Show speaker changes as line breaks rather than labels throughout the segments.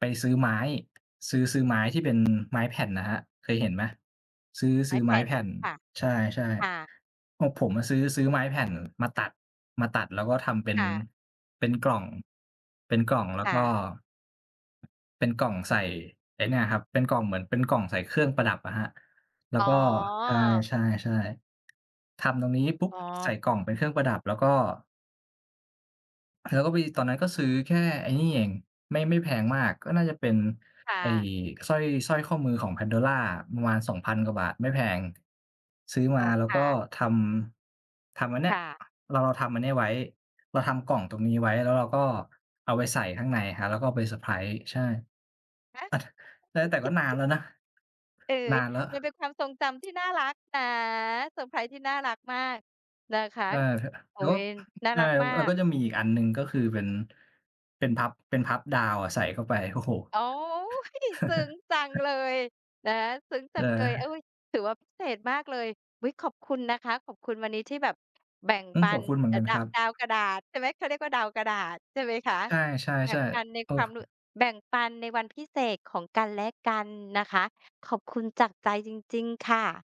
ไปซื้อไม้ ซื้อ ซื้อไม้ที่เป็นไม้แผ่นนะครับ เคยเห็นไหม? ซื้อ
ไ
ซ
ม
ื
้
้อ
แ
ไ
ผ
ม้
่น
แผ่น
ค่ะ
ใช่
ค่ะ
ๆ พวกผมอะ ซื้อ ซื้อไม้แผ่นมาตัด มาตัดแล้วก็ทำเป็น
ค่ะ
เป็นกล่อง เป็นกล่องแล้
ค
ว
่
ก็
ะ
เป็นกล่องใส่ไอ้เนี่ยครับ เป็นกล่องเหมือน เป็นกล่องใส่เครื่องประดับอะครับ แล้ว
อ๋
ก
อ
็ ใช่ ๆ ๆ ทำตรงนี้ปุ๊บ!
อ๋อ
ใส่กล่องเป็นเครื่องประดับแล้วก็ แล้วก็ไป ตอนนั้นก็ซื้อแค่ไอ้นี่เอง ไม่ ไม่แพงมาก ก็น่าจะเป็น
ค่
ไอ้
ะ
สร้อย สร้อยข้อมือของ PANDORA ประมาณ 2,000 กว่าบาท ไม่แพง ซื้อม
อ๋อ
าแล้
ค
วก
่
็
ะ
ทำ ทำอันเนี้
ค
ย
่ะ
เราทำอันนี้ไว้ เราทำกล่องตรงนี้ไว้ แล้วเราก็เอาไปใส่ข้างในครับ แล้วก็เอาไปเซอร์ไพรส์ ใช่ อะ
ค่ะ
ถ แล้ว แต่ก็นานแล้วนะ
เออ
นานแล้ว
มันเป็นความทรงจำที่น่ารักนะ เซอร์ไพรส์ที่น่ารักมากนะคะ
เออ ห
โอ๊
แล้ว อ
ย
อึ
น่า
ใช่
รักมา
เออ
ก
ก็จะมีอีกอันหนึ่ง ก็คือเป็น เป็นพับ เป็นพับดาวอะ ใส่เข้าไป โอ้โฮ
โอ๊ย! ซึ้งจังเลยนะ ซึ้งจั
เ
งเลย เฮ
ออ
้ย ถือว่าพิเศษมากเลย อุ๊ย ขอบคุณนะคะ ขอบคุณวันนี้ที่แบบแบ่ง
อืม
ปั
ขอบ
น
คุณเหมือน
อ
ก
ะ
ัน
ดา
ครั
ด
บ
าวกระดาษ ใช่ไหม เขาเรียกว่า ดาวกระดาษใช่ไหมคะ?
ใช
แบ่
่
งปัน
ๆ
ใน
ๆ โอ้
ความรู้ แบ่งปันในวันพิเศษของกันและกันนะคะ ขอบคุณจากใจจริง ๆ ค่ะ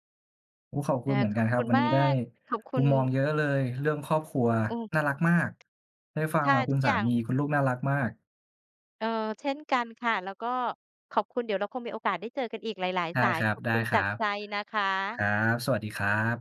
โอ้ ขอบค
อ
ุ
า
ณเหมือน
ข
กั
อ
น
บ
คร
ค
ับ
ุณ
วัน
ม
นี
า
้ได้
ก ขอบค
ม
ุ
ุ
ณ
มมองเยอะเลย เรื่องครอบครัว
เออ
น่ารักมาก ได้ฟั
ใ
ง
ช่
แบบคุ
ทุ
ณ
ก
สา
อย่าง
มี คุณลูกน่ารักมาก
เออ เช่นกันค่ะ แล้วก็ขอบคุณ เดี๋ยวเราคงมีโอกาสได้เจอกันอีกหลาย
ได้
ๆ สา
ค
ย
รั
ขอบคุณจาก
บ
ใจนะค
ๆ ค
ะ
รับ สวัสดีครับ